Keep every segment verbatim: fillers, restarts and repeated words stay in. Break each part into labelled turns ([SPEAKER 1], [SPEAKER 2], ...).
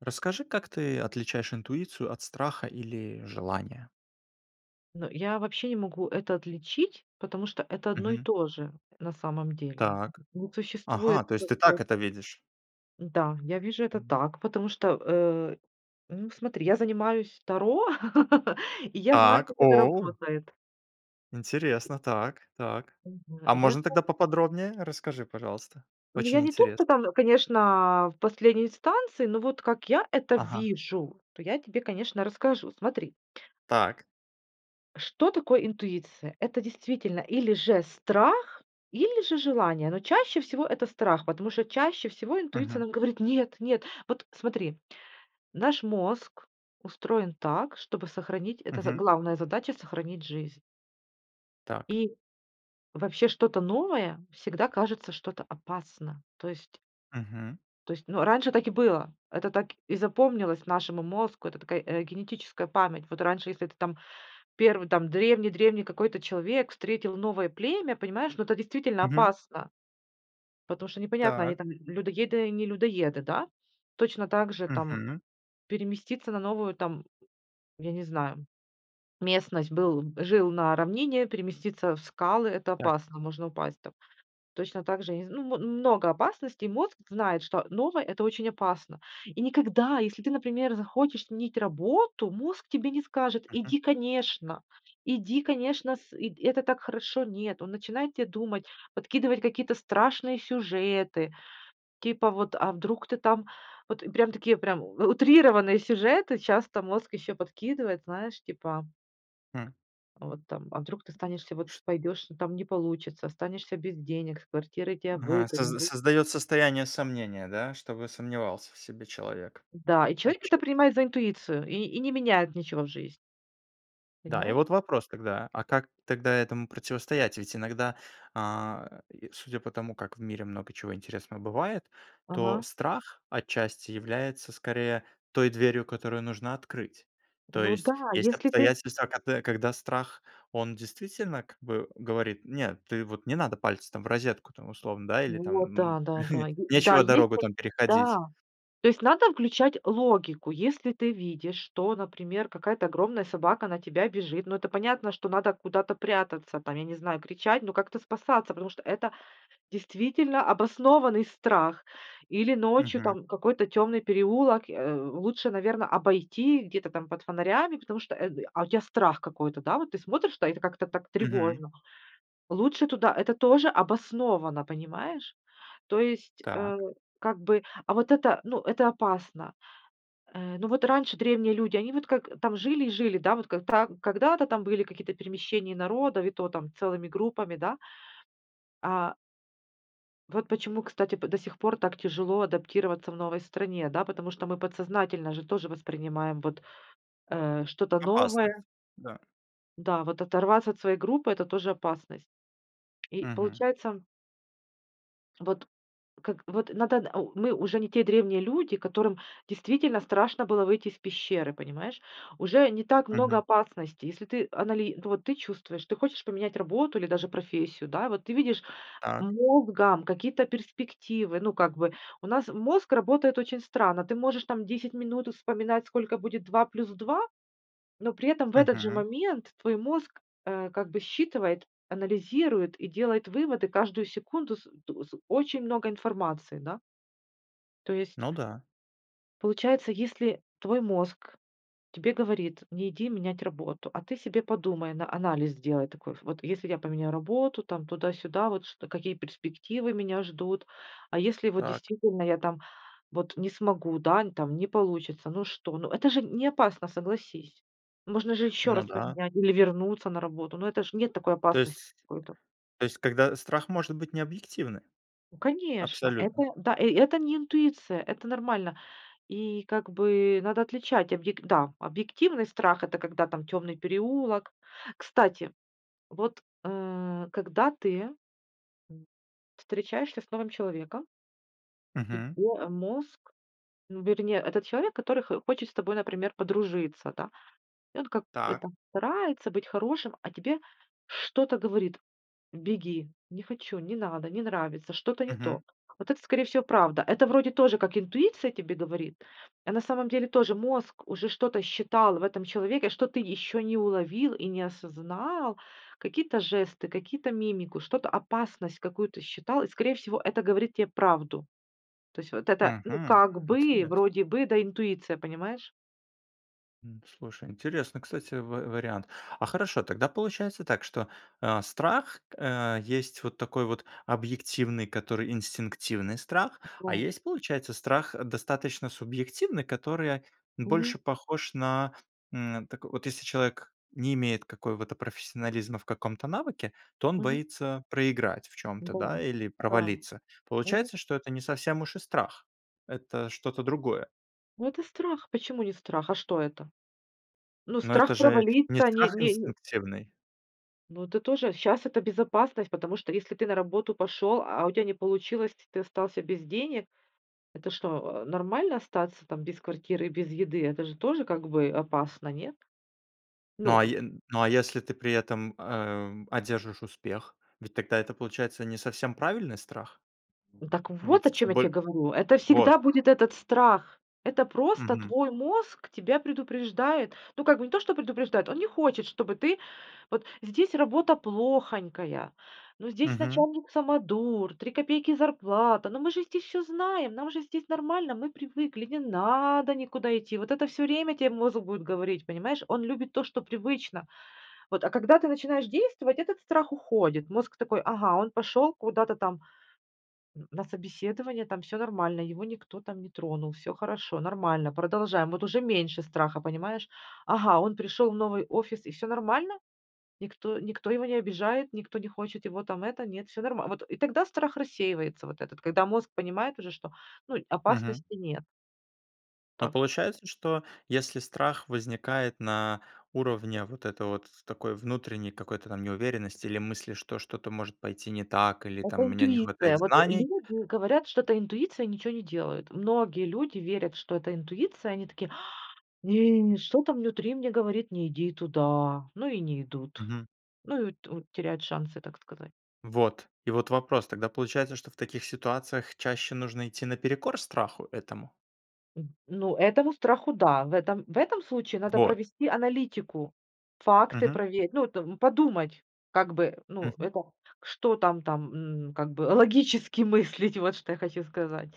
[SPEAKER 1] Расскажи, как ты отличаешь интуицию от страха или желания?
[SPEAKER 2] Ну, я вообще не могу это отличить, потому что это одно и
[SPEAKER 1] Мгм.
[SPEAKER 2] то же. На самом деле,
[SPEAKER 1] Так.
[SPEAKER 2] не
[SPEAKER 1] Ага,
[SPEAKER 2] существует
[SPEAKER 1] то есть ты так
[SPEAKER 2] такое.
[SPEAKER 1] это видишь?
[SPEAKER 2] Да, я вижу это
[SPEAKER 1] М.
[SPEAKER 2] так, потому что, э, ну, смотри: я занимаюсь Таро, и я знаю,
[SPEAKER 1] Так,
[SPEAKER 2] как это
[SPEAKER 1] оу.
[SPEAKER 2] работает.
[SPEAKER 1] Интересно, так, так.
[SPEAKER 2] Мгм.
[SPEAKER 1] А
[SPEAKER 2] Я
[SPEAKER 1] можно
[SPEAKER 2] зна
[SPEAKER 1] тогда поподробнее? Расскажи пожалуйста,
[SPEAKER 2] Ну, я
[SPEAKER 1] очень
[SPEAKER 2] не тот,
[SPEAKER 1] интересно.
[SPEAKER 2] кто там, конечно, в последней инстанции, но вот как я это
[SPEAKER 1] Ага.
[SPEAKER 2] вижу, то я тебе, конечно, расскажу. Смотри.
[SPEAKER 1] Так.
[SPEAKER 2] Что такое интуиция? Это действительно или же страх, или же желание, но чаще всего это страх, потому что чаще всего интуиция
[SPEAKER 1] Мгм.
[SPEAKER 2] нам говорит: "Нет, нет." Вот, смотри, наш мозг устроен так, чтобы сохранить это з
[SPEAKER 1] Мгм.
[SPEAKER 2] главная задача- сохранить жизнь.
[SPEAKER 1] Так.
[SPEAKER 2] И вообще что-то новое всегда кажется что-то опасно, то есть
[SPEAKER 1] Мгм.
[SPEAKER 2] То есть, ну, раньше так и было, это так и запомнилось нашему мозгу, это такая, э, генетическая память. Вот раньше, если это там первый там древний-древний какой-то человек встретил новое племя, понимаешь, ну это действительно
[SPEAKER 1] Мгм.
[SPEAKER 2] опасно. Потому что непонятно, они
[SPEAKER 1] Так.
[SPEAKER 2] там л людоеды, не людоеды, да? Точно также там
[SPEAKER 1] Мгм.
[SPEAKER 2] переместиться на новую там, я не знаю, местность. Был жил на равнине, переместиться в скалы- это
[SPEAKER 1] Так.
[SPEAKER 2] опасно, можно упасть там. Точно также, я не зн ну, мо много опасностей. Мозг знает, что новое- это очень опасно. И никогда, если ты, например, захочешь сменить работу, мозг тебе не скажет:
[SPEAKER 1] Мгм.
[SPEAKER 2] "Иди, конечно, иди, конечно, с ы это так хорошо." Нет, он начинает те думать, подкидывать какие-то страшные сюжеты, типа вот: а вдруг ты там вот прям такие прям у утрированные сюжеты часто мозг еще подкидывает, знаешь, типа
[SPEAKER 1] Хм.
[SPEAKER 2] Вот, там, а вдруг, ты станешься, вот
[SPEAKER 1] Ш
[SPEAKER 2] пойдешь, там не получится, останешься без денег, с квартирой тя
[SPEAKER 1] Ага,
[SPEAKER 2] выгоню,
[SPEAKER 1] соз
[SPEAKER 2] вы
[SPEAKER 1] создает состояние сомнения, да, чтобы сомневался в себе человек.
[SPEAKER 2] Да, и человек это
[SPEAKER 1] Отчасти.
[SPEAKER 2] принимает за интуицию, и и не меняет ничего в жизни.
[SPEAKER 1] Да, и
[SPEAKER 2] Понимаешь?
[SPEAKER 1] вот вопрос тогда, а как тогда этому противостоять? Ведь иногда, э, и судя по тому, как в мире много чего интересного бывает, то
[SPEAKER 2] Ага.
[SPEAKER 1] страх отчасти является, скорее, той дверью, которую нужно открыть. То
[SPEAKER 2] Ну да,
[SPEAKER 1] есть, есть
[SPEAKER 2] если ты
[SPEAKER 1] обстоятельства, кад э, когда страх, он действительно как бы говорит: "Нет, ты вот не надо пальцы там в розетку, там, условно, да, или там,
[SPEAKER 2] Вот,
[SPEAKER 1] м,
[SPEAKER 2] да, да, да. И да,
[SPEAKER 1] нечего
[SPEAKER 2] есть,
[SPEAKER 1] дорогу
[SPEAKER 2] э
[SPEAKER 1] там переходить."
[SPEAKER 2] Да, то есть надо включать логику. Если ты видишь, что, например, какая-то огромная собака на тебя бежит, ну, это понятно, что надо куда-то прятаться, там я не знаю, кричать, но как-то спасаться. Потому что это действительно обоснованный страх. Или ночью
[SPEAKER 1] Мгм.
[SPEAKER 2] там какой-то темный переулок, э, лучше, наверно, обойти где-то там под фонарями, потому что, э, а у тя страх какой-то, да, вот ты смотришь, та, а это как-то так
[SPEAKER 1] Мгм.
[SPEAKER 2] тревожно. Лучше туда это тоже обосновано, понимаешь? То есть, э,
[SPEAKER 1] Так.
[SPEAKER 2] как бы, а вот это, ну, это опасно. Э, ну вот раньше древние люди, они вот как там, жили и жили, да, вот как тра когда-то там были какие-то перемещения народов, и то там целыми группами, да. А Вот почему, кстати, п до сих пор так тяжело адаптироваться в новой стране, да, потому что мы подсознательно же тоже воспринимаем вот, э, что-то
[SPEAKER 1] Опасность,
[SPEAKER 2] новое
[SPEAKER 1] да.
[SPEAKER 2] Да, вот оторваться от своей группы это тоже опасность. И
[SPEAKER 1] Мгм.
[SPEAKER 2] получается вот как вот надо, о мы уже не те древние люди, которым действительно страшно было выйти из пещеры, понимаешь. Уже не так много
[SPEAKER 1] Мгм.
[SPEAKER 2] опасностей. Если ты анали ну вот ты чувствуешь, ты хочешь поменять работу или даже профессию, да, вот ты видишь,
[SPEAKER 1] Так.
[SPEAKER 2] мозгом, какие-то перспективы, ну как бы, у нас мозг работает очень странно. Ты можешь там десять минут, э, вспоминать, сколько будет два плюс два, но при этом в этот же
[SPEAKER 1] Мгм.
[SPEAKER 2] момент твой мозг, а, как бы считывает, анализирует и делает выводы, каждую секунду с э т с очень много информации, да. То есть
[SPEAKER 1] Ну да.
[SPEAKER 2] Получается, если твой мозг тебе говорит: "Не иди менять работу". А ты себе подумай, на анализ сделай такой. Ф вот если я поменяю работу, там туда-сюда, вот ш какие перспективы меня ждут. А если вот
[SPEAKER 1] Так.
[SPEAKER 2] действительно я там вот не смогу, да, н там не получится, ну что, ну это же неопасно, согласись. Можно же еще раз
[SPEAKER 1] Ну да.
[SPEAKER 2] поменять или вернуться на работу, но это ж нет такой
[SPEAKER 1] То
[SPEAKER 2] опасности
[SPEAKER 1] есть
[SPEAKER 2] какой-то.
[SPEAKER 1] то есть, когда страх может быть необъективный
[SPEAKER 2] Конечно, это,
[SPEAKER 1] абсолютно.
[SPEAKER 2] да, э это не интуиция, это нормально. И как бы, надо отличать, объе да, объективный страх- это когда там темный переулок. Кстати, вот, э, когда ты встречаешься с новым человеком и
[SPEAKER 1] Мгм.
[SPEAKER 2] твой, а, мозг, ну да, это не этот человек, который х хочет с тобой, например, подружиться, да. И он, как бы,
[SPEAKER 1] Так.
[SPEAKER 2] там, старается быть хорошим, а тебе что-то говорит: "Беги, не хочу, не надо, не нравится, что-то не то".
[SPEAKER 1] Мгм.
[SPEAKER 2] Вот это скорее всего правда. Это вроде тоже как интуиция тебе говорит, а на самом деле тоже мозг уже что-то считал в этом человеке, что ты еще не уловил и не осознал, какие-то жесты, какие-то мимику, что-то, опасность какую-то считал, и скорее всего это говорит тебе правду. То есть вот это, ну
[SPEAKER 1] Мгм.
[SPEAKER 2] как бы,
[SPEAKER 1] Интересно.
[SPEAKER 2] вроде бы, да, интуиция, понимаешь?
[SPEAKER 1] М, слушай, интересный кстати ва вариант. А, хорошо, тогда получается так, что, а, страх, э, есть вот такой вот объективный, который инстинктивный страх. А
[SPEAKER 2] Да.
[SPEAKER 1] есть, получается, страх, э, достаточно субъективный, который
[SPEAKER 2] Мгм.
[SPEAKER 1] больше похож на, м. Так вот, если человек не имеет какого-то профессионализма в каком-то навыке, то он
[SPEAKER 2] Мгм.
[SPEAKER 1] боится проиграть в чём-то,
[SPEAKER 2] Да,
[SPEAKER 1] да или
[SPEAKER 2] да.
[SPEAKER 1] провалиться,
[SPEAKER 2] Мгм.
[SPEAKER 1] получается что это не совсем уж и страх. Это что-то другое.
[SPEAKER 2] Ну это страх. Почему не страх, а что это? Ну,
[SPEAKER 1] Но это
[SPEAKER 2] страх
[SPEAKER 1] же не
[SPEAKER 2] провалить-то, а не
[SPEAKER 1] страх
[SPEAKER 2] не н
[SPEAKER 1] инстинктивный.
[SPEAKER 2] Ну это тоже. Щас это безопасность, потому что, если ты на работу пошел, а у тебя не получилось, и ты остался без денег, это что, а, нормально остаться, там, без квартиры и без еды. Это же тоже как бы опасно. Нет?
[SPEAKER 1] Ну
[SPEAKER 2] Ну
[SPEAKER 1] а
[SPEAKER 2] н
[SPEAKER 1] е ну а если ты при этом, ам, одержишь успех, ведь тогда это получается не совсем правильный страх?
[SPEAKER 2] Ну так вот о
[SPEAKER 1] Ведь
[SPEAKER 2] чем я тебе
[SPEAKER 1] боль
[SPEAKER 2] говорю, это
[SPEAKER 1] Вот.
[SPEAKER 2] всегда будет этот страх, это просто
[SPEAKER 1] Мгм.
[SPEAKER 2] твой мозг тебя предупреждает. Ну как бы не то, что предупреждает, он не хочет, чтобы ты. Вот здесь работа плохонькая, ну здесь
[SPEAKER 1] Мгм.
[SPEAKER 2] начальник самодур, три копейки зарплата, ну мы же здесь всё знаем, нам же здесь нормально, мы привыкли, не надо никуда идти. Вот это всё время тебе мозг будет говорить, понимаешь, он любит то, что привычно. Вот. А когда ты начинаешь действовать, этот страх уходит, мозг такой: "Ага, он пошел куда-то там н на собеседование, там всё нормально, его никто там не тронул, всё хорошо, нормально, продолжаем". Вот уже меньше страха, понимаешь. "Ага, он пришел в новый офис и всё нормально. Никто, никто его не обижает, никто не хочет его там это, нет, всё нормально", вот. И тогда страх рассеивается вот этот, когда мозг понимает уже, что, ну
[SPEAKER 1] Мгм.
[SPEAKER 2] опасности нет.
[SPEAKER 1] Но
[SPEAKER 2] Так.
[SPEAKER 1] получается что если страх возникает на уровне вот этой вот, такой внутренней какой-то там неуверенности или мысли что что-то может пойти не так или
[SPEAKER 2] Это
[SPEAKER 1] там у меня не хватает
[SPEAKER 2] интуиция, вот
[SPEAKER 1] знаний
[SPEAKER 2] люди говорят, что это интуиция и ничего не делают. Многие люди верят, что это интуиция, они такие: "А! Не, что там внутри мне говорит, не иди туда." Ну, и не идут.
[SPEAKER 1] Мгм.
[SPEAKER 2] Ну и ту теряют шансы, так сказать.
[SPEAKER 1] Вот, и вот вопрос: тогда получается, что в таких ситуациях чаще нужно идти наперекор страху этому?
[SPEAKER 2] М, ну этому страху да. В этом, в этом случае надо
[SPEAKER 1] Вот.
[SPEAKER 2] провести аналитику, факты
[SPEAKER 1] Мгм.
[SPEAKER 2] проверить, ну это подумать, как бы, ну
[SPEAKER 1] Мгм.
[SPEAKER 2] это, что там там н как бы логически мыслить, вот что я хочу сказать.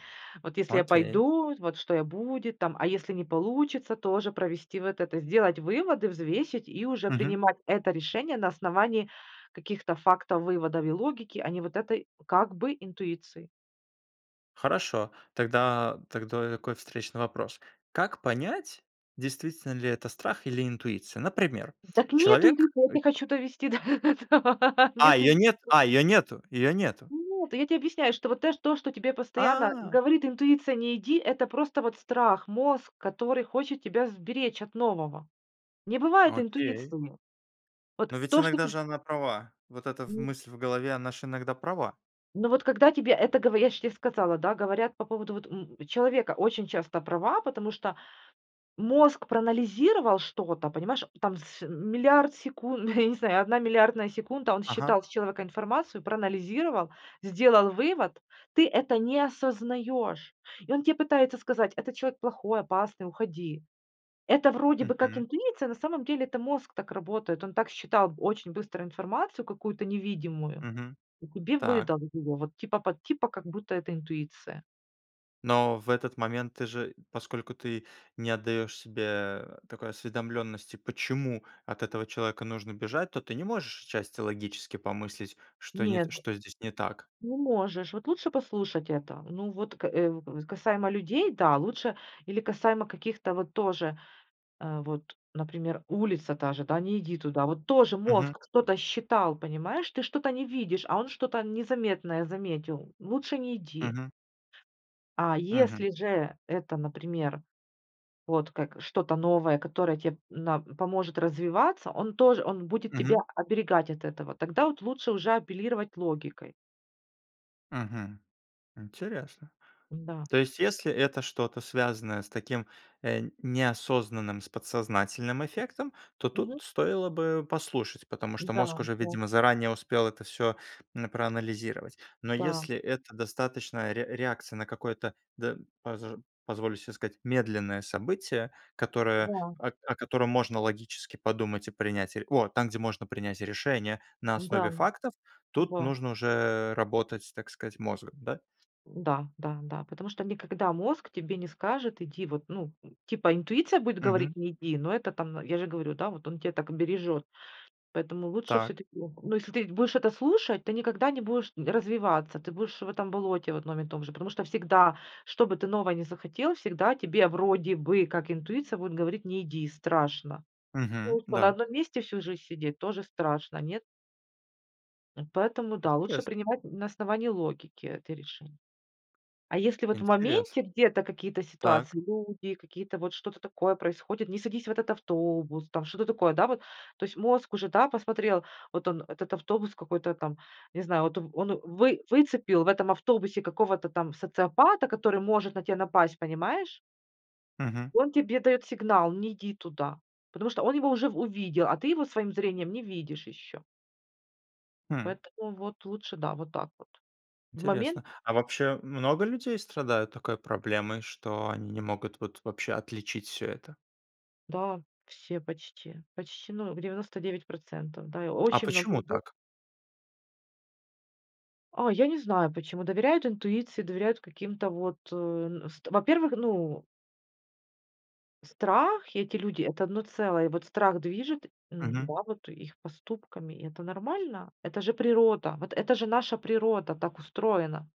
[SPEAKER 2] Вот если я
[SPEAKER 1] Окей.
[SPEAKER 2] пойду, вот что я будет там, а если не получится тоже провести вот это сделать выводы, взвесить и уже
[SPEAKER 1] Мгм.
[SPEAKER 2] принимать это решение на основании каких-то фактов, выводов и логики, а не вот этой, как бы, интуиции.
[SPEAKER 1] Хорошо, тогда дактои, такой встречный вопрос: как понять, действительно ли это страх или интуиция? Например:
[SPEAKER 2] Дак нету
[SPEAKER 1] человек
[SPEAKER 2] интуиции, я
[SPEAKER 1] ы
[SPEAKER 2] те хочу довести до этого.
[SPEAKER 1] А,
[SPEAKER 2] Нету
[SPEAKER 1] её
[SPEAKER 2] инт
[SPEAKER 1] нет. А, её нету её нету.
[SPEAKER 2] Нет, я тебе объясняю, что вот тэ то, что тебе постоянно
[SPEAKER 1] А!
[SPEAKER 2] говорит интуиция: "Не иди", это просто вот страх, мозг, который хочет тебя сберечь от нового. Не бывает
[SPEAKER 1] Окей.
[SPEAKER 2] интуиции у него. Вот
[SPEAKER 1] Но ведь
[SPEAKER 2] то, что
[SPEAKER 1] иногда
[SPEAKER 2] ты
[SPEAKER 1] же она права. Вот эта в
[SPEAKER 2] Н
[SPEAKER 1] мысль в голове, она же иногда права.
[SPEAKER 2] Ну, вот когда тебе это говоря я ж те сказала, да, говорят по поводу вот, м, человека очень часто права, потому что мозг проанализировал что-то, понимаешь, там св миллиард секу я не знаю, одна миллиардная секунда, он
[SPEAKER 1] Ага.
[SPEAKER 2] считал с человека информацию, проанализировал, сделал вывод, ты это не осознаешь. И он тебе пытается сказать, этот человек плохой, опасный, уходи. Это вроде бы как
[SPEAKER 1] Мгм.
[SPEAKER 2] интуиция, на самом деле это мозг так работает. Он так считал очень быстро информацию какую-то невидимую,
[SPEAKER 1] Мгм.
[SPEAKER 2] и тебе
[SPEAKER 1] Так.
[SPEAKER 2] выдал вот его, вот типа под типа как будто это интуиция.
[SPEAKER 1] Но в этот момент, ты же, поскольку ты не отдаешь себе такой осведомленности, почему от этого человека нужно бежать, то ты не можешь отчасти логически помыслить, что не
[SPEAKER 2] Нет,
[SPEAKER 1] что здесь не так.
[SPEAKER 2] ну можешь, вот лучше послушать это. Ну вот к э, касаемо людей, да, лучше или касаемо каких-то вот тоже, э, вот, например, улица та же, да: "Не иди туда". Вот тоже
[SPEAKER 1] Мгм.
[SPEAKER 2] мозг что-то считал, понимаешь, ты что-то не видишь, а он что-то незаметное заметил- лучше не иди.
[SPEAKER 1] Мгм.
[SPEAKER 2] А
[SPEAKER 1] Мгм.
[SPEAKER 2] если же это, например, вот как что-то новое, которое те на поможет развиваться, он тоже, он будет тебя
[SPEAKER 1] Мгм.
[SPEAKER 2] оберегать от этого. Тогда вот лучше уже апеллировать логикой.
[SPEAKER 1] Мгм. Интересно.
[SPEAKER 2] Да.
[SPEAKER 1] То есть, если это что-то связанное с таким, э, неосознанным с подсознательным эффектом, то тут
[SPEAKER 2] Мгм.
[SPEAKER 1] стоило бы послушать, потому что мозг
[SPEAKER 2] Да.
[SPEAKER 1] уже
[SPEAKER 2] По
[SPEAKER 1] видимо заранее успел это всё, м, проанализировать. Но
[SPEAKER 2] Да.
[SPEAKER 1] если это достаточная ре реакция на какое-то, д пож позволю себе сказать, медленное событие, которое
[SPEAKER 2] Да.
[SPEAKER 1] о котором можно логически подумать и принять, о, там где можно принять решение, на
[SPEAKER 2] Да.
[SPEAKER 1] основе фактов, тут
[SPEAKER 2] Да.
[SPEAKER 1] нужно уже работать, с так сказать, мозгом, да?
[SPEAKER 2] Да, да, да. Потому что никогда мозг тебе не скажет иди вот, ну, типа интуиция будет говорить
[SPEAKER 1] Мгм.
[SPEAKER 2] не иди, но это там, я же говорю, да вот он тебя так бережет. Поэтому лучше
[SPEAKER 1] Так.
[SPEAKER 2] все-таки, ну, если ты будешь это слушать, ты никогда не будешь развиваться, ты будешь в этом болоте, в одном и том же. Потому что всегда, чтобы ты новое не захотел, всегда тебе вроде бы, как интуиция будет говорить: "Не иди, страшно". Ну,
[SPEAKER 1] Мгм.
[SPEAKER 2] а что, на
[SPEAKER 1] Да.
[SPEAKER 2] одном месте всю жизнь сидеть, тоже страшно, нет? Поэтому, да, лучше
[SPEAKER 1] Интерес
[SPEAKER 2] принимать на основании логики это решень А если вот в
[SPEAKER 1] Интерес
[SPEAKER 2] моменте где-то какие-то
[SPEAKER 1] Так.
[SPEAKER 2] ситуации, люди какие-то вот что-то такое происходит, не садись в этот автобус там, что-то такое, да вот. То есть мозг уже, да, посмотрел, вот он этот автобус какой-то там, не знаю, вот он он вы выцепил в этом автобусе какого-то там социопата, который может на тебя напасть, понимаешь?
[SPEAKER 1] Мгм.
[SPEAKER 2] Он тебе дает сигнал, не иди туда, потому что он его уже в увидел, а ты его своим зрением не видишь еще.
[SPEAKER 1] М.
[SPEAKER 2] Поэтому, вот лучше, да, вот так вот. В момент
[SPEAKER 1] Интересно, а вообще много людей страдают такой проблемой, что они не могут вот вообще отличить всё это?
[SPEAKER 2] Да, все почти, почти, ну в девяносто девять процентов, да, и
[SPEAKER 1] А
[SPEAKER 2] очень много
[SPEAKER 1] почему
[SPEAKER 2] людей
[SPEAKER 1] так?
[SPEAKER 2] А, я не знаю, почему доверяют интуиции, доверяют каким-то, вот, э, н ст во-первых, ну Страх и эти люди- это одно целое, и вот страх движет, м,
[SPEAKER 1] Мгм.
[SPEAKER 2] да вот и их поступками, и это нормально. Это же природа, вот это же наша природа так устроена,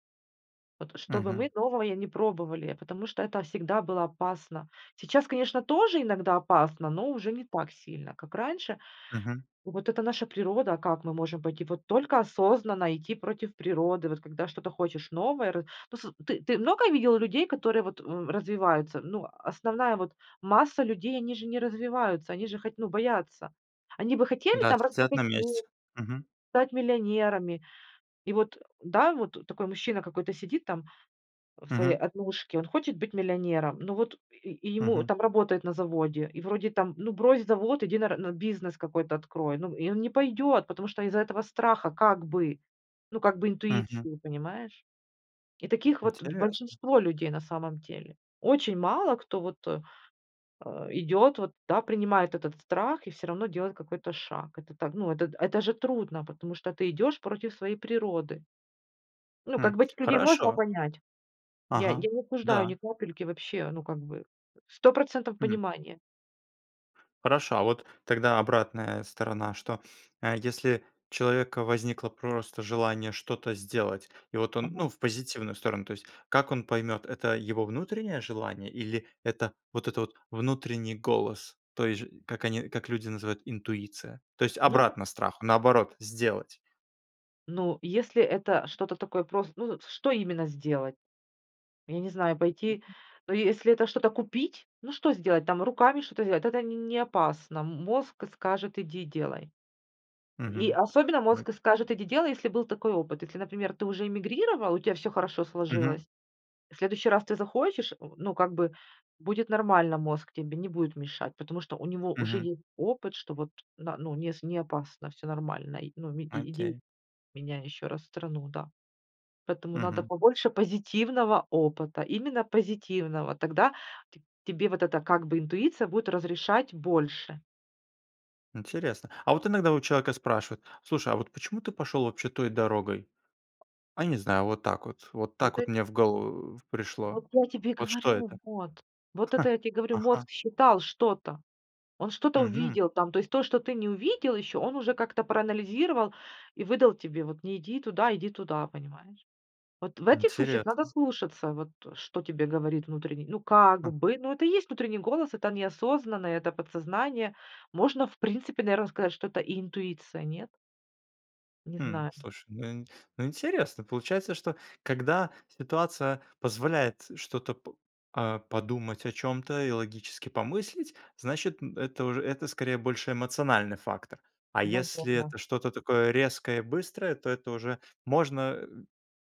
[SPEAKER 2] вот чтобы мы
[SPEAKER 1] Мгм.
[SPEAKER 2] новое не пробовали, потому что это всегда было опасно. Сейчас, конечно, тоже иногда опасно, но уже не так сильно, как раньше.
[SPEAKER 1] Мгм.
[SPEAKER 2] Вот это наша природа, а как мы можем пойти, вот только осознанно идти против природы. Вот когда что-то хочешь новое ры Ну, сы ты, ты много видел людей, которые вот, м, развиваются, ну, основная вот масса людей, они же не развиваются, они же хать ну, боятся. Они бы хотели
[SPEAKER 1] Да,
[SPEAKER 2] там
[SPEAKER 1] сцат на
[SPEAKER 2] разбогатеть,
[SPEAKER 1] месте. Мгм.
[SPEAKER 2] стать миллионерами. И вот, да, вот такой мужчина какой-то сидит там, а, в своей
[SPEAKER 1] Мгм.
[SPEAKER 2] однушке, он хочет быть миллионером. Ну вот и и ему
[SPEAKER 1] Мгм.
[SPEAKER 2] там работает на заводе, и вроде там, ну, брось завод, иди на ра на бизнес какой-то открой, ну. И он не пойдет, потому что из-за этого страха как бы, ну как бы
[SPEAKER 1] Мгм.
[SPEAKER 2] интуиции, понимаешь. И таких вот б
[SPEAKER 1] Интересно.
[SPEAKER 2] большинство людей на самом деле. Очень мало, кто вот, идет вот, да, принимает этот страх и всё равно делает какой-то шаг. Это так, ну, это д это же трудно, потому что ты идешь против своей природы. Ну, как
[SPEAKER 1] М,
[SPEAKER 2] бы этих людей можно
[SPEAKER 1] хорошо.
[SPEAKER 2] понять. Я я
[SPEAKER 1] Ага.
[SPEAKER 2] не осуждаю ни
[SPEAKER 1] Да.
[SPEAKER 2] капельки вообще, ну, как бы сто процентов
[SPEAKER 1] М.
[SPEAKER 2] понимания.
[SPEAKER 1] Хорошо, а вот тогда обратная сторона, что, э, если, у человека возникло просто желание что-то сделать, и вот он,
[SPEAKER 2] Мгм.
[SPEAKER 1] ну в позитивную сторону, то есть, как он поймет это его внутреннее желание или это вот этот внутренний голос, то есть, ж как они, как люди называют интуиция. То есть,
[SPEAKER 2] Ну да.
[SPEAKER 1] обратно страху, наоборот сделать.
[SPEAKER 2] Ну, если это что-то такое просто, ну, с что именно сделать? Я не знаю, пойти но если это что-то купить, ну что сделать, там руками что-то сделать, это нь не опасно. М мозг скажет иди делай. И
[SPEAKER 1] Мгм.
[SPEAKER 2] особенно
[SPEAKER 1] М
[SPEAKER 2] мозг скажет иди делай, если был такой опыт. Если, например, ты уже эмигрировал, у тя всё хорошо
[SPEAKER 1] Мгм.
[SPEAKER 2] сложилось, в следующий раз ты захочешь, э, ну как бы будет нормально мозг, тебе не будет мешать. Потому что у него уже
[SPEAKER 1] Мгм.
[SPEAKER 2] есть опыт, что вот на ну, с не опасно, всё нормально, ну и иди
[SPEAKER 1] Окей.
[SPEAKER 2] меняй еще раз страну, да. Поэтому надо
[SPEAKER 1] Мгм.
[SPEAKER 2] побольше позитивного опыта, именно позитивного, тогда т тебе вот эта, как бы, интуиция будет разрешать больше.
[SPEAKER 1] Интересно. А вот иногда у человека спрашивают: "Слушай, а вот почему ты пошел, вообще, той дорогой?- А, не знаю, вот так вот. Вот так
[SPEAKER 2] Вот
[SPEAKER 1] вот
[SPEAKER 2] это
[SPEAKER 1] мне в голову пришло".
[SPEAKER 2] Вот я тебе
[SPEAKER 1] Вот что
[SPEAKER 2] говорю,
[SPEAKER 1] это?
[SPEAKER 2] вот. Вот это я тебе говорю,
[SPEAKER 1] Ага.
[SPEAKER 2] мозг считал что-то, он что-то
[SPEAKER 1] Мгм.
[SPEAKER 2] увидел там, то есть то, что ты не увидел еще, он уже как-то проанализировал и выдал тебе вот: "Не иди туда, иди туда", понимаешь. Вот в этих случаях надо
[SPEAKER 1] Интересно.
[SPEAKER 2] слушаться, вот что тебе говорит внутренний ну, как
[SPEAKER 1] Хм.
[SPEAKER 2] бы, ну это и есть внутренний голос, это неосознанно, это подсознание. Можно, в принципе, наверно, сказать, что это и интуиция, нет? Не
[SPEAKER 1] Хм,
[SPEAKER 2] знаю.
[SPEAKER 1] слушай, ну ин ну интересно получается, что когда ситуация позволяет что-то п а, подумать о чём-то и логически помыслить, значит, м, это уже это скорее больше эмоциональный фактор, а если это
[SPEAKER 2] Наверно.
[SPEAKER 1] что-то такое резкое и быстрое, то это уже можно,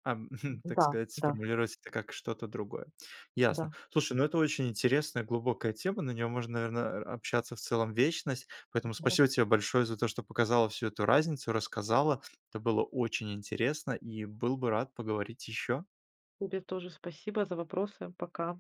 [SPEAKER 1] ам, так
[SPEAKER 2] Да.
[SPEAKER 1] сказать,
[SPEAKER 2] Да.
[SPEAKER 1] сформулировать это как что-то другое.
[SPEAKER 2] Да.
[SPEAKER 1] Ясно.Слушай, ну это очень интересная глубокая тема, на неё можно, наверно а общаться в целом вечность, поэтому
[SPEAKER 2] Да.
[SPEAKER 1] спасибо тебе большое за то, что показала всю эту разницу, рассказала. Это было очень интересно и был бы рад поговорить ещё.
[SPEAKER 2] Тебе тоже спасибо за вопросы. Пока!